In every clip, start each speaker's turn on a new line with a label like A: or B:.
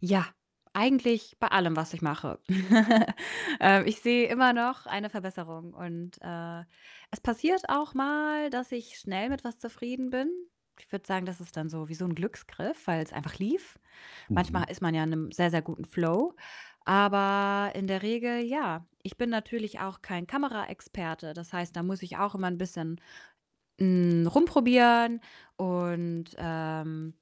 A: Ja, eigentlich bei allem, was ich mache. Ähm, ich sehe immer noch eine Verbesserung, und, äh, es passiert auch mal, dass ich schnell mit was zufrieden bin. Ich würde sagen, das ist dann so wie so 'n Glücksgriff, weil's einfach lief. Manchmal
B: Mhm.
A: ist man ja in 'nem sehr, sehr guten Flow, aber in der Regel ja. Ich bin natürlich auch kein Kameraexperte. Das heißt, da muss ich auch immer 'n bisschen, hm, rumprobieren und, ähm,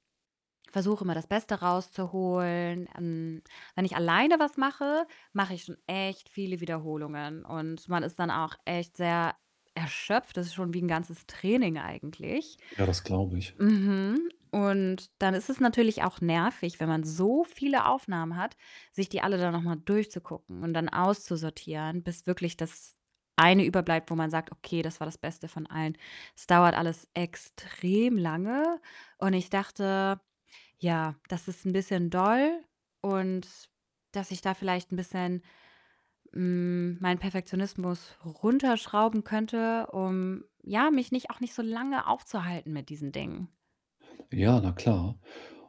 A: versuche immer, das Beste rauszuholen. Hm, wenn ich alleine was mache, mache ich schon echt viele Wiederholungen, und man ist dann auch echt sehr erschöpft. Das ist schon wie 'n ganzes Training eigentlich
B: Ja, das glaube ich.
A: Mhm. Und dann ist es natürlich auch nervig, wenn man so viele Aufnahmen hat, sich die alle dann noch mal durchzugucken und dann auszusortieren, bis wirklich das eine überbleibt, wo man sagt: „Okay, das war das Beste von allen.“ Es dauert alles extrem lange und ich dachte, ja, das ist 'n bisschen doll und dass ich da vielleicht bisschen, hm, meinen Perfektionismus runterschrauben könnte, um, ja, mich nicht auch nicht so lange aufzuhalten mit diesen Dingen.
B: Ja, na klar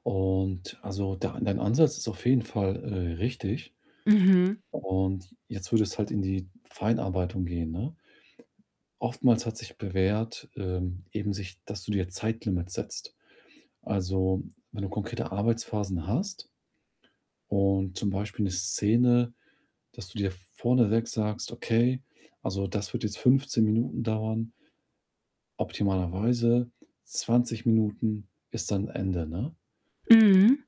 B: und, also, der An dein Ansatz ist auf jeden Fall, äh, richtig.
A: Mhm.
B: Und jetzt würde es halt in die Feinarbeitung gehen, ne? Oftmals hat sich bewährt, ähm, eben sich dass du dir Zeitlimits setzt. Also, wenn du konkrete Arbeitsphasen hast und zum Beispiel 'ne Szene dass du dir vorneweg sagst: „Okay, also das wird jetzt 15 Minuten dauern“ optimalerweise, 20 Minuten ist dann Ende, ne?
A: Mhm.